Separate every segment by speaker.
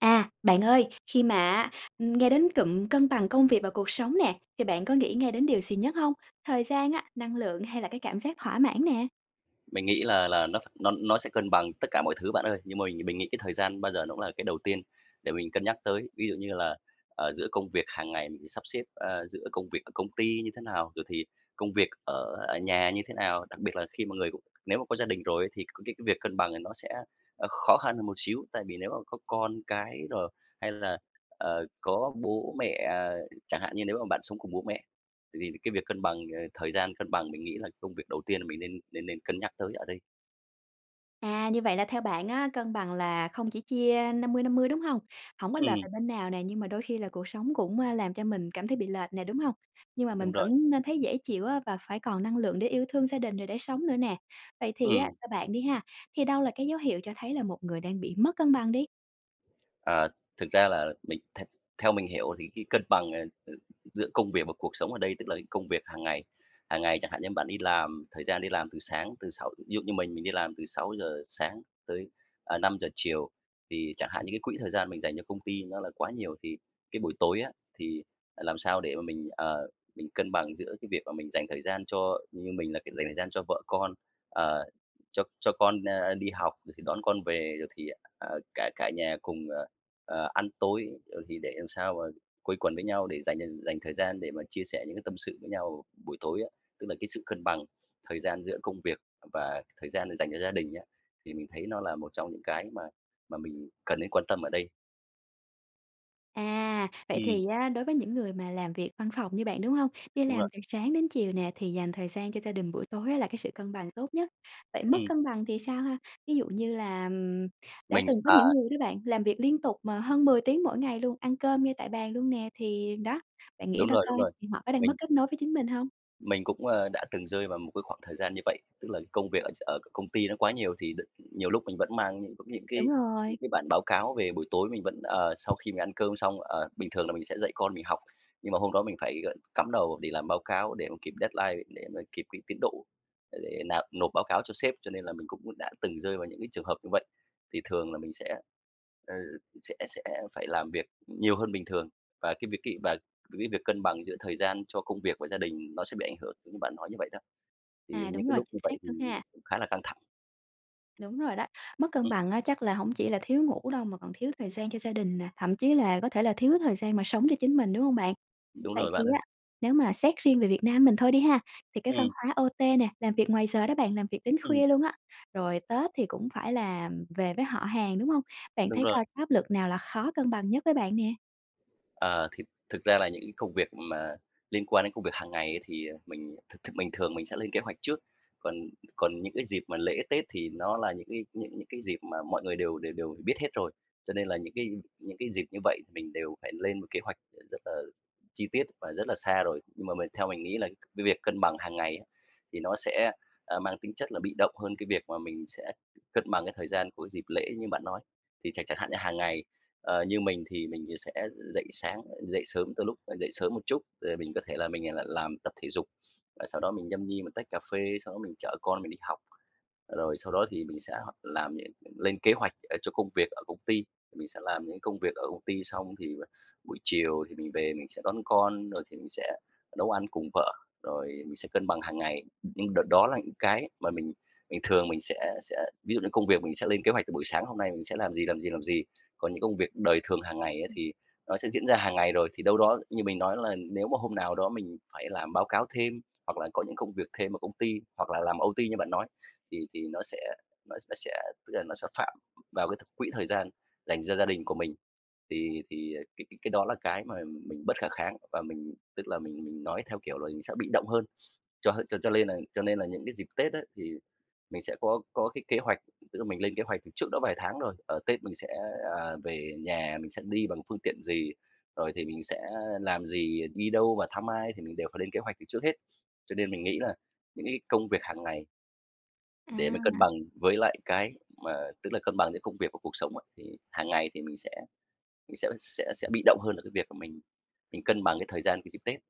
Speaker 1: À, bạn ơi, khi mà á, ưm, nghe đến cụm cân bằng công việc và cuộc sống nè, thì bạn có nghĩ ngay đến điều gì nhất hông? Thời gian á, năng lượng hay là cái cảm giác thỏa mãn nè?
Speaker 2: Mình nghĩ là là nó ph nó nó sẽ cân bằng tất cả mọi thứ bạn ơi. Nhưng mà mình mình nghĩ cái thời gian bao giờ nó cũng là cái đầu tiên để mình cân nhắc tới. Ví dụ như là, ờ, giữa công việc hàng ngày mình sắp xếp, ờ, giữa công việc ở công ty như thế nào, rồi thì công việc ở ở nhà như thế nào. Đặc biệt là khi mà người cũng nếu mà có gia đình rồi ấy thì c cái cái việc cân bằng này nó sẽ, ờ, khó khăn hơn một xíu, tại vì nếu mà có con cái rồi hay là, ờ, có bố mẹ, ờ chẳng hạn như nếu mà bạn sống cùng bố mẹ thì cái việc cân bằng, ờ, thời gian cân bằng mình nghĩ là công việc đầu tiên là mình nên nên nên cân nhắc tới ở đây.
Speaker 1: À, như vậy là theo bạn á, cân bằng là không chỉ chia 50/50, đúng hông? Hổng có lệch
Speaker 2: Ừm.
Speaker 1: về bên nào nè, nhưng mà đôi khi là cuộc sống cũng, ờ, làm cho mình cảm thấy bị lệch nè, đúng hông? Nhưng mà mình
Speaker 2: Đúng rồi.
Speaker 1: vẫn nên thấy dễ chịu á và phải còn năng lượng để yêu thương gia đình, rồi để sống nữa nè. Vậy thì á
Speaker 2: Ừm.
Speaker 1: theo bạn đi ha, thì đâu là cái dấu hiệu cho thấy là một người đang bị mất cân bằng đi?
Speaker 2: À, thực ra là mình the theo mình hiểu thì cái cân bằng, ờ ờ, giữa công việc và cuộc sống ở đây tức là cái công việc hàng ngày. Hàng ngày, chẳng hạn như bạn đi làm, thời gian đi làm từ sáng, từ sáu ví dụ như mình, mình đi làm từ 6:00 sáng tới, ờ, 5 chiều, thì chẳng hạn như cái quỹ thời gian mình dành cho công ty nó là quá nhiều, thì cái buổi tối á thì, ờ, làm sao để mà mình, ờ, mình cân bằng giữa cái việc mà mình dành thời gian cho như mình là cái dành thời gian cho vợ con. Ờ, cho cho con, ơ, đi học, rồi thì đón con về rồi thì, ờ, ờ, cả cả nhà cùng, ờ ờ, ăn tối, ờ, thì để làm sao mà quây quần với nhau, để dành dành thời gian để mà chia sẻ những cái tâm sự với nhau buổi tối á. Tức là cái sự cân bằng thời gian giữa công việc và thời gian dành cho gia đình á, thì mình thấy nó là một trong những cái mà mà mình cần nên quan tâm ở đây.
Speaker 1: À, vậy
Speaker 2: Ừm.
Speaker 1: thì á đối với những người mà làm việc văn phòng như bạn, đúng hông? Đi
Speaker 2: Đúng
Speaker 1: làm
Speaker 2: rồi.
Speaker 1: từ sáng đến chiều nè thì dành thời gian cho gia đình buổi tối á là cái sự cân bằng tốt nhất. Vậy mất
Speaker 2: Ừm.
Speaker 1: cân bằng thì sao ha? Ví dụ như là, ừm, đã
Speaker 2: Mình
Speaker 1: từng có những
Speaker 2: ờ.
Speaker 1: người đó bạn, làm việc liên tục mà hơn 10 tiếng mỗi ngày luôn, ăn cơm ngay tại bàn luôn nè, thì đó, bạn nghĩ
Speaker 2: Đúng
Speaker 1: ra
Speaker 2: rồi, đúng
Speaker 1: coi,
Speaker 2: rồi,
Speaker 1: thì họ có đang mất
Speaker 2: mình
Speaker 1: kết nối với chính mình hông?
Speaker 2: Mình cũng, ơ, đã từng rơi vào một cái khoảng thời gian như vậy, tức là công việc ở ch ở c công ty nó quá nhiều thì đ nhiều lúc mình vẫn mang những cũng những
Speaker 1: Đúng
Speaker 2: cái những
Speaker 1: rồi.
Speaker 2: cái bản báo cáo về. Buổi tối mình vẫn ờ, sau khi mình ăn cơm xong, ờ, bình thường là mình sẽ dạy con mình học, nhưng mà hôm đó mình phải, ờ, cắm đầu để làm báo cáo để mà kịp deadline để mà kịp cái tiến độ, để nạp nộp báo cáo cho sếp cho nên là mình cũng đã từng rơi vào những cái trường hợp như vậy. Thì thường là mình sẽ, ờ, sẽ sẽ phải làm việc nhiều hơn bình thường. Và cái việc cái và cái việc cân bằng giữa thời gian cho công việc và gia đình nó sẽ bị ảnh hưởng giống như bạn nói như vậy đó. Thì
Speaker 1: À,
Speaker 2: những
Speaker 1: đúng
Speaker 2: cái
Speaker 1: rồi,
Speaker 2: lúc
Speaker 1: chính
Speaker 2: như
Speaker 1: xác
Speaker 2: vậy thì
Speaker 1: luôn ha.
Speaker 2: cũng khá là căng thẳng.
Speaker 1: Đúng rồi đó, mất cân
Speaker 2: Ừm.
Speaker 1: bằng á chắc là hổng chỉ là thiếu ngủ đâu mà còn thiếu thời gian cho gia đình nè, thậm chí là có thể là thiếu thời gian mà sống cho chính mình, đúng hông bạn?
Speaker 2: Đúng
Speaker 1: Vậy
Speaker 2: rồi
Speaker 1: thì
Speaker 2: bạn ơi.
Speaker 1: á, nếu mà xét riêng về Việt Nam mình thôi đi ha, thì cái văn
Speaker 2: Ừm.
Speaker 1: hóa OT nè, làm việc ngoài giờ đó bạn, làm việc đến
Speaker 2: Ừm.
Speaker 1: khuya luôn á, rồi Tết thì cũng phải là về với họ hàng, đúng hông? Bạn
Speaker 2: Đúng
Speaker 1: thấy
Speaker 2: rồi.
Speaker 1: coi cái áp lực nào là khó cân bằng nhất với bạn nè?
Speaker 2: Ờ, thực thực ra là những cái công việc mà liên quan đến công việc hàng ngày ấy thì, à, mình th thực bình thường mình sẽ lên kế hoạch trước. Còn còn những cái dịp mà lễ tết thì nó là những cái những những cái dịp mà mọi người đều đều đều biết hết rồi, cho nên là những cái những cái dịp như vậy mình đều phải lên một kế hoạch r rất là chi tiết và rất là xa rồi. Nhưng mà mình theo mình nghĩ là cái việc cân bằng hàng ngày á thì nó sẽ, a, mang tính chất là bị động hơn cái việc mà mình sẽ cân bằng cái thời gian của dịp lễ như bạn nói. Thì chẳng chẳng hạn như hàng ngày, ờ, như mình thì mình, ờ, sẽ dậy sáng dậy sớm từ lúc, ờ dậy sớm một chút rồi mình có thể là mình, à, l làm tập thể dục, à, sau đó mình nhâm nhi một tách cà phê. Sau đó mình chở con mình đi học, ờ, rồi sau đó thì mình sẽ h làm nh lên kế hoạch, ờ, cho công việc ở công ty, mình sẽ làm những cái công việc ở công ty. Xong thì buổi chiều thì mình về mình sẽ đón con, rồi thì mình sẽ nấu ăn cùng vợ, rồi mình sẽ cân bằng hàng ngày. [unintelligible] đợt đó là những cái mà mình mình thường mình sẽ sẽ ví dụ như công việc mình sẽ lên kế hoạch từ buổi sáng hôm nay mình sẽ làm gì, làm gì, làm gì. Còn những công việc đời thường hàng ngày á
Speaker 1: [unintelligible] ừm.
Speaker 2: thì nó sẽ diễn ra hàng ngày rồi, thì đâu đó như mình nói là nếu mà hôm nào đó mình phải làm báo cáo thêm hoặc là có những công việc thêm ở công ty hoặc là làm OT như bạn nói thì thì nó sẽ nó nó sẽ tức là nó sẽ phạm vào cái th quỹ thời gian dành cho gia đình của mình. Thì thì, ờ, cái cái cái đó là cái mà mình bất khả kháng và mình tức là mình mình nói theo, kiểu là, mình sẽ bị động hơn. Cho cho cho lên nà cho nên là những cái dịp tết á thì mình sẽ có có cái kế hoạch tức là mình lên kế hoạch từ trước đó vài tháng rồi, ờ, Tết mình sẽ, à, về nhà mình sẽ đi bằng phương tiện gì, rồi thì mình sẽ làm gì, đi đâu và thăm ai thì mình đều phải lên kế hoạch từ trước hết. Cho nên mình nghĩ là những cái công việc hàng ngày
Speaker 1: À.
Speaker 2: Để mà cân bằng với lại cái mà tức là cân bằng giữa công việc và cuộc sống á, thì hàng ngày thì mình sẽ sẽ sẽ sẽ bị động hơn ở cái việc mà mình mình cân bằng cái thời gian cái dịp Tết.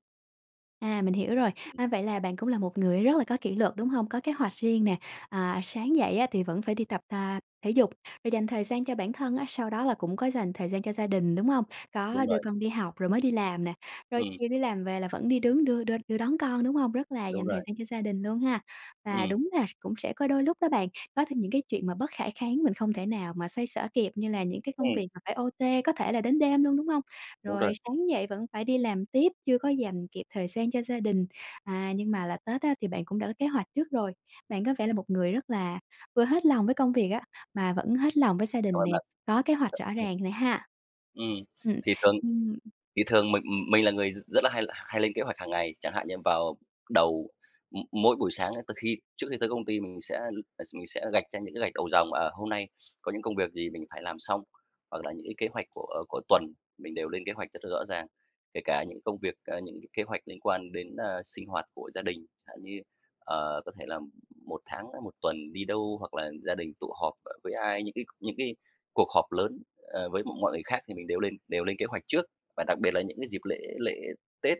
Speaker 1: À, mình hiểu rồi.
Speaker 2: Ừm.
Speaker 1: A, vậy là bạn cũng là một người rất là có kỷ luật, đúng hông? Có kế hoạch riêng nè, à, sáng dậy á thì vẫn phải đi tập ta thể dục, rồi dành thời gian cho bản thân á, sau đó là cũng có dành thời gian cho gia đình, đúng hông?
Speaker 2: Đúng
Speaker 1: Có đưa
Speaker 2: rồi.
Speaker 1: con đi học rồi mới đi làm nè, rồi
Speaker 2: Ừm.
Speaker 1: chiều đi làm về là vẫn đi đứng đưa đưa đưa đón con, đúng hông? Rất là
Speaker 2: Đúng
Speaker 1: dành thời
Speaker 2: rồi.
Speaker 1: gian cho gia đình luôn ha. Và
Speaker 2: Ừm.
Speaker 1: đúng là s cũng sẽ có đôi lúc đó bạn, có thêm những cái chuyện mà bất khả kháng mình không thể nào mà xoay xở kịp, như là những cái công
Speaker 2: Ừm.
Speaker 1: việc mà phải OT, có thể là đến đêm luôn, đúng hông?
Speaker 2: Đúng
Speaker 1: Rồi
Speaker 2: rồi.
Speaker 1: sáng dậy vẫn phải đi làm tiếp, chưa có dành kịp thời gian cho gia đình, à, nhưng mà là Tết á thì bạn cũng đã có kế hoạch trước rồi. Bạn có vẻ là một người rất là vừa hết lòng với công việc á, mà vẫn hết lòng với gia
Speaker 2: Cảm
Speaker 1: đình nè,
Speaker 2: ơn bạn.
Speaker 1: có kế hoạch rõ
Speaker 2: Ừ.
Speaker 1: ràng nè ha.
Speaker 2: Ừm.
Speaker 1: Ừm,
Speaker 2: Thì thường
Speaker 1: ừm.
Speaker 2: thì thường mình mình là người r rất là hay l hay lên kế hoạch hàng ngày, chẳng hạn như vào đầu m mỗi buổi sáng từ khi trước khi tới công ty mình sẽ m ờ, mình sẽ gạch ra những cái gạch đầu dòng, à, hôm nay có những công việc gì mình phải làm xong hoặc là những cái kế hoạch của của tuần mình đều lên kế hoạch rất là rõ ràng. Kể cả những công việc, à, những cái kế hoạch liên quan đến, a, sinh hoạt của gia đình, chẳng hạn như, ờ, có thể là m một tháng hay một tuần đi đâu, hoặc là gia đình tụ họp ở với ai, những cái những cái cuộc họp lớn, ờ, với m mọi người khác thì mình đều lên đều lên kế hoạch trước. Và đặc biệt là những cái dịp lễ lễ Tết,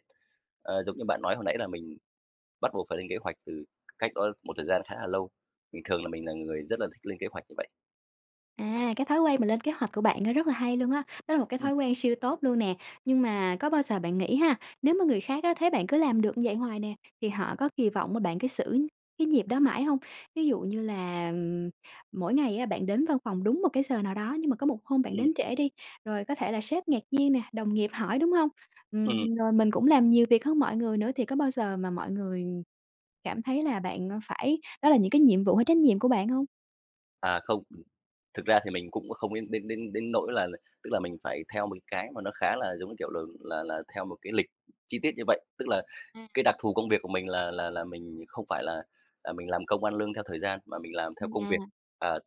Speaker 2: ờ, giống như bạn nói hồi nãy là mình bắt buộc phải lên kế hoạch từ c cách đó một thời gian khá là lâu. Mình thường là mình là người rất là thích lên kế hoạch như vậy.
Speaker 1: À, cái thói quen mà lên kế hoạch của bạn á, rất là hay luôn á. Đó là một cái
Speaker 2: Ừm.
Speaker 1: thói quen siêu tốt luôn nè. Nhưng mà có bao giờ bạn nghĩ ha, nếu mà người khác á, thấy bạn cứ làm được như vậy hoài nè, thì họ có kỳ vọng mà bạn cứ giữ cái nhịp đó mãi hông? Ví dụ như là, mỗi ngày á, bạn đến văn phòng đúng một cái giờ nào đó, nhưng mà có một hôm bạn
Speaker 2: Ừm.
Speaker 1: đến trễ đi, rồi có thể là sếp ngạc nhiên nè, đồng nghiệp hỏi, đúng hông?
Speaker 2: Ừm.
Speaker 1: Ừm. Rồi mình cũng làm nhiều việc hơn mọi người nữa thì có bao giờ mà mọi người cảm thấy là bạn, ơ, phải đó là những cái nhiệm vụ hay trách nhiệm của bạn hông?
Speaker 2: À, không, ừm. Thực ra thì mình cũng không đến đến đến đến nỗi là tức là mình phải theo một cái mà nó khá là, giống như kiểu, ừ, là là theo một cái lịch chi tiết như vậy. Tức là,
Speaker 1: À.
Speaker 2: cái đặc thù công việc của mình là là là mình không phải là, à, mình làm công ăn lương theo thời gian mà mình làm
Speaker 1: À,
Speaker 2: theo công việc.
Speaker 1: à.
Speaker 2: À,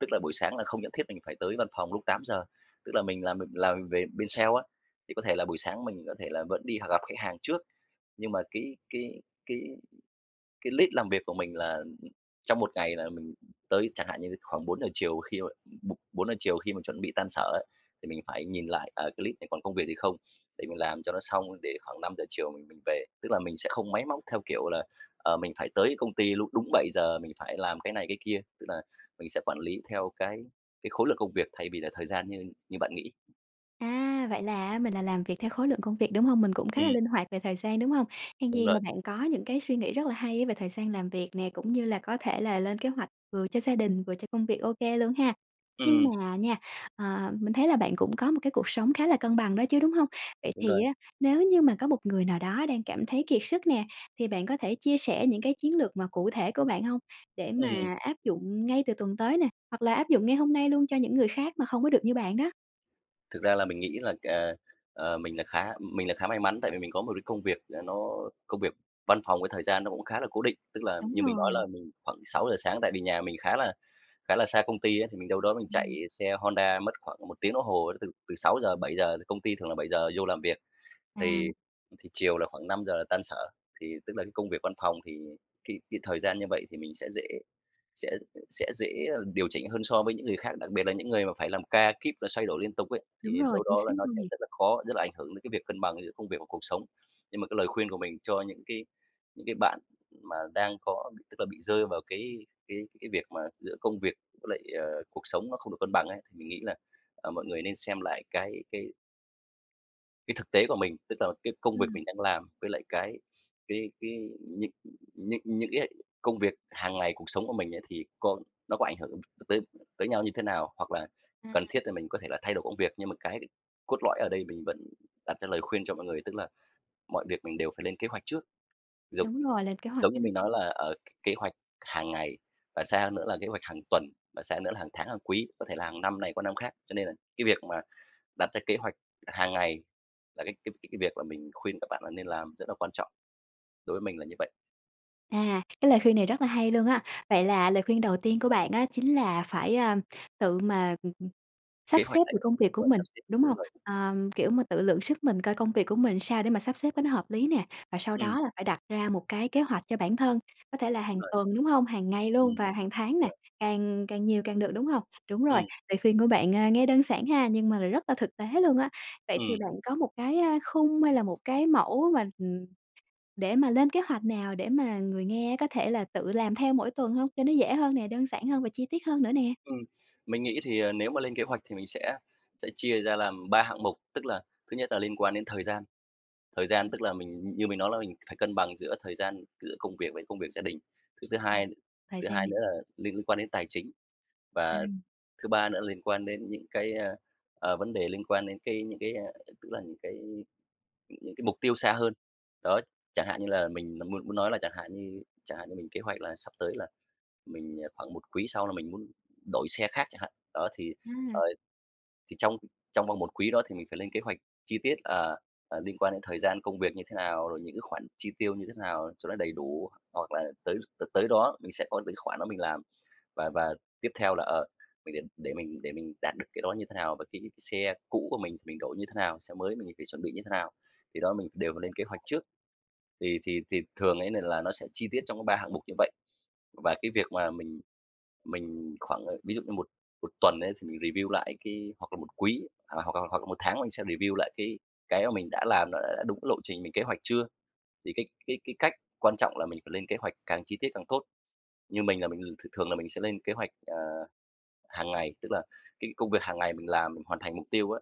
Speaker 2: tức là, buổi sáng là không nhất thiết mình phải tới văn phòng lúc 8:00, tức là, mình làm m làm về bên sale á, thì có thể là buổi sáng mình có thể là vẫn đi h gặp khách hàng trước. Nhưng mà cái cái cái cái list làm việc của mình là trong một ngày là mình tới, chẳng hạn như, khoảng 4:00 chiều, khi mà bộ bốn giờ chiều khi mà chuẩn bị tan sở ấy, thì mình phải nhìn lại, à, cái list này còn công việc gì không để mình làm cho nó xong để khoảng 5:00 chiều mình mình về. Tức là, mình sẽ không máy móc, theo kiểu là, ờ, mình phải tới công ty lúc đúng 7:00 mình phải làm cái này cái kia. Tức là, mình sẽ quản lý theo cái cái khối lượng công việc thay vì là thời gian như như bạn nghĩ.
Speaker 1: À, vậy là mình là làm việc theo khối lượng công việc, đúng hông? Mình cũng khá là
Speaker 2: Ừm.
Speaker 1: linh hoạt về thời gian, đúng hông? Hèn
Speaker 2: Đúng
Speaker 1: gì mà
Speaker 2: rồi.
Speaker 1: bạn có những cái suy nghĩ rất là hay á về thời gian làm việc nè, cũng như là có thể là lên kế hoạch vừa cho gia đình, vừa cho công việc OK luôn ha. Nhưng
Speaker 2: Ừm.
Speaker 1: mà nha, ờ, mình thấy là bạn cũng có một cái cuộc sống khá là cân bằng đó chứ, đúng hông? Vậy
Speaker 2: Đúng
Speaker 1: thì
Speaker 2: rồi.
Speaker 1: á, nếu như mà có một người nào đó đang cảm thấy kiệt sức nè, thì bạn có thể chia sẻ những cái chiến lược mà cụ thể của bạn hông để
Speaker 2: Ừm.
Speaker 1: mà áp dụng ngay từ tuần tới nè, hoặc là áp dụng ngay hôm nay luôn cho những người khác mà không có được như bạn đó?
Speaker 2: Thực ra là mình nghĩ là, à, ờ, mình là khá mình là khá may mắn tại vì mình có một cái công việc là nó công việc văn phòng với thời gian nó cũng khá là cố định. Tức là
Speaker 1: Đúng
Speaker 2: như mình nói là
Speaker 1: rồi.
Speaker 2: mình khoảng 6:00 sáng, tại vì nhà mình khá là khá là xa công ty ấy, thì mình đâu đó mình chạy
Speaker 1: Ừm.
Speaker 2: xe Honda mất khoảng 1 tiếng đồng hồ từ từ 6:00-7:00, công ty thường là 7:00 vô làm việc. Thì
Speaker 1: À.
Speaker 2: thì chiều là khoảng 5:00 là tan sở. Thì tức là cái công việc văn phòng thì cái cái thời gian như vậy thì mình sẽ dễ sẽ sẽ dễ điều chỉnh hơn so với những người khác. Đặc biệt là những người mà phải làm ca kíp và xoay đổi liên tục ấy,
Speaker 1: Đúng
Speaker 2: thì
Speaker 1: rồi,
Speaker 2: đâu
Speaker 1: chính
Speaker 2: đó
Speaker 1: xác
Speaker 2: là nó
Speaker 1: luôn
Speaker 2: sẽ
Speaker 1: nè!
Speaker 2: rất là khó, rất là ảnh hưởng đến cái việc cân bằng giữa công việc và cuộc sống. Nhưng mà cái lời khuyên của mình cho những cái những cái bạn mà đang có, tức là bị rơi vào cái cái cái việc mà giữa công việc với lại, ờ, cuộc sống nó không được cân bằng ấy, thì mình nghĩ là, ờ, mọi người nên xem lại cái cái Cái thực tế của mình, tức là cái công việc
Speaker 1: Ừm.
Speaker 2: mình đang làm, với lại cái cái cái những những những cái công việc hàng ngày cuộc sống của mình ấy, thì có nó có ảnh hưởng t tới tới nhau như thế nào? Hoặc là
Speaker 1: À.
Speaker 2: cần thiết là mình có thể là thay đổi công việc. Nhưng mà cái cốt lõi ở đây mình vẫn đặt ra lời khuyên cho mọi người, tức là mọi việc mình đều phải lên kế hoạch trước. Giống
Speaker 1: Đúng rồi, lên kế hoạch,
Speaker 2: giống như
Speaker 1: ừm.
Speaker 2: mình nói là, ờ, k kế hoạch hàng ngày, và xa hơn nữa là kế hoạch hàng tuần, và xa hơn nữa là hàng tháng, hàng quý, có thể là hàng năm này qua năm khác. Cho nên là cái việc mà đặt ra kế hoạch hàng ngày là cái cái cái cái việc là mình khuyên các bạn là nên làm, rất là quan trọng. Đối với mình là như vậy.
Speaker 1: À, cái lời khuyên này rất là hay luôn á. Vậy là lời khuyên đầu tiên của bạn á, chính là phải, a, tự mà, ừm, ừm,
Speaker 2: Kế
Speaker 1: sắp xếp
Speaker 2: hoạch này
Speaker 1: được công việc của
Speaker 2: rồi,
Speaker 1: mình,
Speaker 2: sắp xếp,
Speaker 1: đúng
Speaker 2: đúng
Speaker 1: hông?
Speaker 2: rồi.
Speaker 1: Ờm, kiểu mà, tự lượng sức mình coi công việc của mình sao để mà sắp xếp cái nó hợp lý nè, và sau
Speaker 2: Ừm.
Speaker 1: đó là phải đặt ra một cái kế hoạch cho bản thân, có thể là
Speaker 2: Đúng
Speaker 1: hàng
Speaker 2: rồi.
Speaker 1: tuần, đúng hông? Hàng ngày luôn
Speaker 2: Ừm.
Speaker 1: và hàng
Speaker 2: Đúng
Speaker 1: tháng nè,
Speaker 2: rồi.
Speaker 1: càng càng nhiều càng được, đúng hông? Đúng rồi,
Speaker 2: Ừm.
Speaker 1: lời khuyên của bạn, ờ, nghe đơn giản ha, nhưng mà lại rất là thực tế luôn á. Vậy thì
Speaker 2: Ừm.
Speaker 1: bạn có một cái, a, khung hay là một cái mẫu mà, ừm, để mà lên kế hoạch nào để mà người nghe có thể là tự làm theo mỗi tuần hông? Cho nó dễ hơn nè, đơn giản hơn và chi tiết hơn nữa nè?
Speaker 2: Ừm, mình nghĩ thì, à, nếu mà lên kế hoạch thì mình sẽ sẽ chia ra làm 3 hạng mục. Tức là thứ nhất là liên quan đến thời gian, thời gian tức là mình như mình nói là mình phải cân bằng giữa thời gian, giữa công việc với công việc gia đình. Cái thứ
Speaker 1: Ờ,
Speaker 2: hai
Speaker 1: thời
Speaker 2: thứ
Speaker 1: gian
Speaker 2: hai
Speaker 1: thì
Speaker 2: nữa là liên quan đến tài chính, và
Speaker 1: À.
Speaker 2: thứ ba nữa liên quan đến những cái, ơ, ờ, vấn đề liên quan đến cái những cái, a, tức là những cái những cái mục tiêu xa hơn. Đó, chẳng hạn như là mình n muốn muốn nói là chẳng hạn như chẳng hạn như mình kế hoạch là sắp tới là mình, à khoảng 1 quý sau là mình muốn đổi xe khác chẳng hạn. Đó thì, ờ,
Speaker 1: À.
Speaker 2: thì trong trong vòng 1 quý đó thì mình phải lên kế hoạch chi tiết, ờ, ờ, liên quan đến thời gian công việc như thế nào, rồi những cái khoản chi tiêu như thế nào cho nó đầy đủ, hoặc là tới t tới đó mình sẽ có những khoản đó mình làm. Và và tiếp theo là, ờ, mình đến để mình để mình đạt được cái đó như thế nào? Và cái xe cũ của mình, mình đổi như thế nào? Xe mới mình phải chuẩn bị như thế nào? Thì đó, mình đều phải lên kế hoạch trước, thì thì thì thường ấy, nên là nó sẽ chi tiết trong có 3 hạng mục như vậy. Và cái việc mà mình mình khoảng à, ví dụ như một một tuần ấy, thì mình review lại cái hoặc là 1 quý, à, hoặc là hoặc là 1 tháng mình sẽ review lại cái cái mà mình đã làm nó đã đúng cái lộ trình mình kế hoạch chưa? Thì cái cái cái cách quan trọng là mình phải lên kế hoạch càng chi tiết càng tốt. Như mình là mình thường thường là mình sẽ lên kế hoạch, ờ, hàng ngày, tức là cái công việc hàng ngày mình làm, mình hoàn thành mục tiêu á,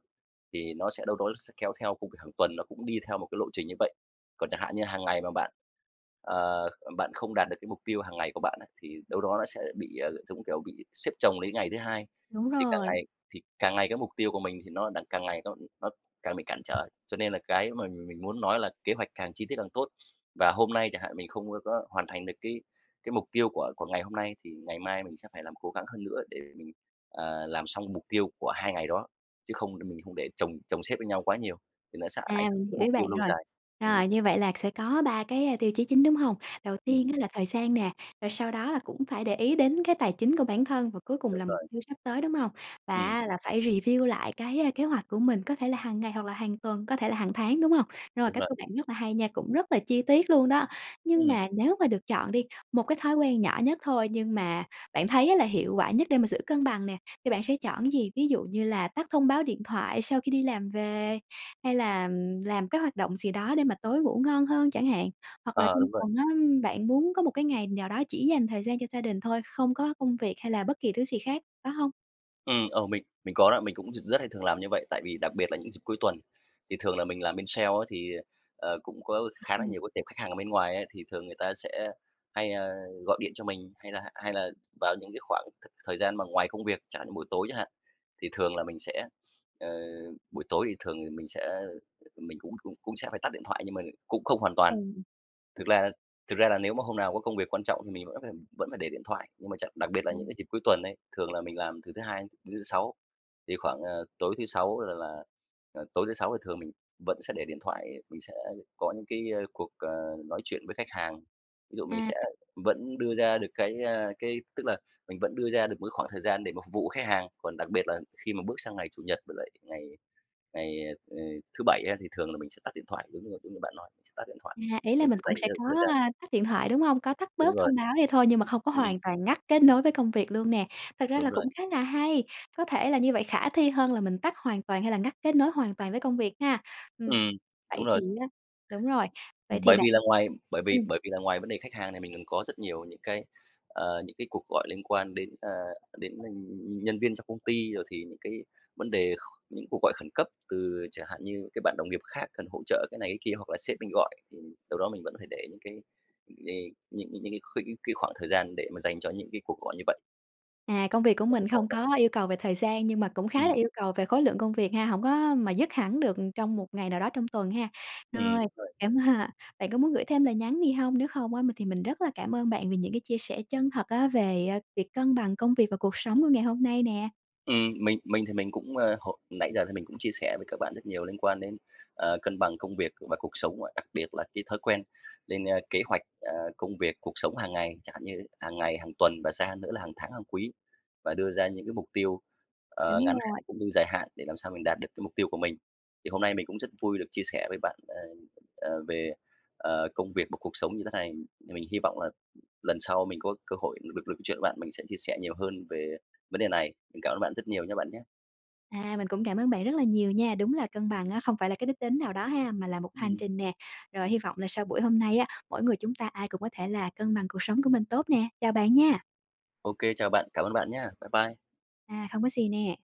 Speaker 2: thì nó sẽ đâu đó, nó sẽ kéo theo công việc hàng tuần, nó cũng đi theo một cái lộ trình như vậy. Còn chẳng hạn như hàng ngày mà bạn, ờ, bạn không đạt được cái mục tiêu hàng ngày của bạn á, thì đâu đó nó sẽ bị, ờ, giống kiểu, bị xếp chồng đến ngày thứ 2,
Speaker 1: Đúng
Speaker 2: thì càng
Speaker 1: rồi.
Speaker 2: ngày thì càng ngày cái mục tiêu của mình thì nó đặng càng ngày nó nó càng bị cản trở. Cho nên là cái mà mình mình muốn nói là kế hoạch càng chi tiết càng tốt. Và hôm nay chẳng hạn, mình không có có hoàn thành được cái cái mục tiêu của của ngày hôm nay, thì ngày mai mình sẽ phải làm cố gắng hơn nữa để mình, ờ, làm xong mục tiêu của 2 ngày đó, chứ không đ mình không để chồng chồng xếp lên nhau quá nhiều thì nó sẽ
Speaker 1: À,
Speaker 2: ảnh hưởng
Speaker 1: mình
Speaker 2: tới
Speaker 1: hiểu ý
Speaker 2: mục tiêu
Speaker 1: bạn
Speaker 2: lâu
Speaker 1: rồi.
Speaker 2: dài. Ừm.
Speaker 1: Rồi như vậy là sẽ có 3 cái, a, tiêu chí chính, đúng hông? Đầu tiên
Speaker 2: Ừm.
Speaker 1: á, là thời gian nè, rồi sau đó là cũng phải để ý đến cái tài chính của bản thân và cuối cùng
Speaker 2: Đúng
Speaker 1: là mục
Speaker 2: rồi.
Speaker 1: tiêu sắp tới, đúng hông? Và
Speaker 2: Ừm.
Speaker 1: á, là phải review lại cái, a, kế hoạch của mình, có thể là hàng ngày hoặc là hàng tuần, có thể là hàng tháng, đúng hông? Rồi,
Speaker 2: Đúng
Speaker 1: cách
Speaker 2: rồi.
Speaker 1: của bạn rất là hay nha, cũng rất là chi tiết luôn đó. Nhưng
Speaker 2: Ừm.
Speaker 1: mà nếu mà được chọn đi, một cái thói quen nhỏ nhất thôi, nhưng mà bạn thấy á, là hiệu quả nhất để mà giữ cân bằng nè, thì bạn sẽ chọn cái gì? Ví dụ như là tắt thông báo điện thoại sau khi đi làm về hay là, ừm, làm cái hoạt động gì đó để mà tối ngủ ngon hơn chẳng hạn? Hoặc là
Speaker 2: Ờ,
Speaker 1: trong
Speaker 2: đúng rồi.
Speaker 1: tuần á, ưm, bạn muốn có một cái ngày nào đó chỉ dành thời gian cho gia đình thôi, không có công việc hay là bất kỳ thứ gì khác, phải hông?
Speaker 2: Ừm, ờ, mình mình có đó, mình cũng r rất hay thường làm như vậy, tại vì đặc biệt là những dịp cuối tuần. Thì thường là mình làm bên sale á thì, ờ, cũng có khá là
Speaker 1: Ừm.
Speaker 2: nhiều cái tệp khách hàng ở bên ngoài ấy thì thường người ta sẽ hay, ờ, gọi điện cho mình hay là hay là vào những cái khoảng th thời gian mà ngoài công việc, chẳng hạn như buổi tối chẳng hạn. Thì thường là mình sẽ, ờ buổi tối thì thường thì mình sẽ mình cũng cũng cũng sẽ phải tắt điện thoại nhưng mà cũng không
Speaker 1: Đúng
Speaker 2: hoàn toàn.
Speaker 1: rồi.
Speaker 2: Thực ra thực ra là nếu mà hôm nào có công việc quan trọng thì mình vẫn phải vẫn phải để điện thoại. Nhưng mà tr đặc biệt là những
Speaker 1: Ừm.
Speaker 2: cái dịp cuối tuần ấy, thường là mình làm từ thứ Hai đến thứ Sáu thì khoảng, ờ, tối thứ Sáu là là, ờ, tối thứ Sáu thì thường mình vẫn sẽ để điện thoại, mình sẽ có những cái, ơ, cuộc, ờ, nói chuyện với khách hàng. Ví dụ mình sẽ
Speaker 1: À.
Speaker 2: vẫn đưa ra được cái, ơ, cái tức là, mình vẫn đưa ra được một cái khoảng thời gian để mà phục vụ khách hàng. Còn đặc biệt là khi mà bước sang ngày Chủ nhật với lại ngày ngày, ờ, thứ Bảy á thì thường là mình sẽ tắt điện thoại, giống như giống như bạn nói, mình sẽ tắt điện thoại.
Speaker 1: À, ý là
Speaker 2: Mình
Speaker 1: mình
Speaker 2: sẽ
Speaker 1: cũng
Speaker 2: dành
Speaker 1: sẽ
Speaker 2: thêm
Speaker 1: có,
Speaker 2: thời gian
Speaker 1: à, tắt điện thoại, đúng hông? Có tắt
Speaker 2: Đúng
Speaker 1: bớt
Speaker 2: rồi.
Speaker 1: thông báo đi thôi nhưng mà không có
Speaker 2: Ừm.
Speaker 1: hoàn toàn ngắt kết nối với công việc luôn nè. Thật ra là
Speaker 2: Đúng rồi.
Speaker 1: cũng khá là hay, có thể là như vậy khả thi hơn là mình tắt hoàn toàn hay là ngắt kết nối hoàn toàn với công việc ha. Ừm,
Speaker 2: Ừm,
Speaker 1: vậy
Speaker 2: đúng
Speaker 1: thì
Speaker 2: rồi.
Speaker 1: á đúng rồi. Vậy thì
Speaker 2: Bởi
Speaker 1: bạn
Speaker 2: vì là ngoài bởi vì
Speaker 1: ừm.
Speaker 2: bởi vì là ngoài vấn đề khách hàng này mình còn có rất nhiều những cái, ờ, những cái cuộc gọi liên quan đến, ờ, đến nhân nhân viên trong công ty rồi thì những cái vấn đề kh những cuộc gọi khẩn cấp từ chẳng hạn như các bạn đồng nghiệp khác cần hỗ trợ cái này cái kia. Hoặc là sếp mình gọi thì đâu đó mình vẫn phải để những cái, ờ, những những những cái kh cái khoảng thời gian để mà dành cho những cái cuộc gọi như vậy.
Speaker 1: À, công việc của
Speaker 2: Thế thì
Speaker 1: mình
Speaker 2: khó
Speaker 1: không
Speaker 2: thật.
Speaker 1: có yêu cầu về thời gian nhưng mà cũng khá là
Speaker 2: Ừm.
Speaker 1: yêu cầu về khối lượng công việc ha. Hổng có mà dứt hẳn được trong một ngày nào đó trong tuần ha.
Speaker 2: Ừm,
Speaker 1: Rồi,
Speaker 2: đúng rồi.
Speaker 1: cảm, à bạn có muốn gửi thêm lời nhắn gì hông? Nếu không á mình thì mình rất là cảm ơn bạn vì những cái chia sẻ chân thật á về, ơ, việc cân bằng công việc và cuộc sống của ngày hôm nay nè.
Speaker 2: Ừm, mình mình thì mình cũng, ờ, h nãy giờ thì mình cũng chia sẻ với các bạn rất nhiều liên quan đến, ờ, cân bằng công việc và cuộc sống và đặc biệt là cái thói quen lên, ơ, kế hoạch, ờ, công việc cuộc sống hàng ngày. Chẳng hạn như hàng ngày, hàng tuần và xa hơn nữa là hàng tháng, hàng quý và đưa ra những cái mục tiêu, ờ,
Speaker 1: Đúng
Speaker 2: ngắn hạn
Speaker 1: rồi.
Speaker 2: cũng như dài hạn để làm sao mình đạt được cái mục tiêu của mình. Thì hôm nay mình cũng rất vui được chia sẻ với bạn, ờ, ờ, về, ờ, công việc và cuộc sống như thế này, mình hy vọng là lần sau mình có cơ hội được được chuyện với bạn, mình sẽ chia sẻ nhiều hơn về vấn đề này. Mình cảm ơn bạn rất nhiều nhá bạn nhá!
Speaker 1: À, mình cũng cảm ơn bạn rất là nhiều nha. Đúng là cân bằng á không phải là cái đích đến nào đó ha, mà là một hành
Speaker 2: Ừm.
Speaker 1: trình nè. Rồi, hy vọng là sau buổi hôm nay á, mỗi người chúng ta ai cũng có thể là cân bằng cuộc sống của mình tốt nè. Chào bạn nha!
Speaker 2: Ô kê, chào bạn! Cảm ơn bạn nhá, bye bye!
Speaker 1: À, không có gì nè.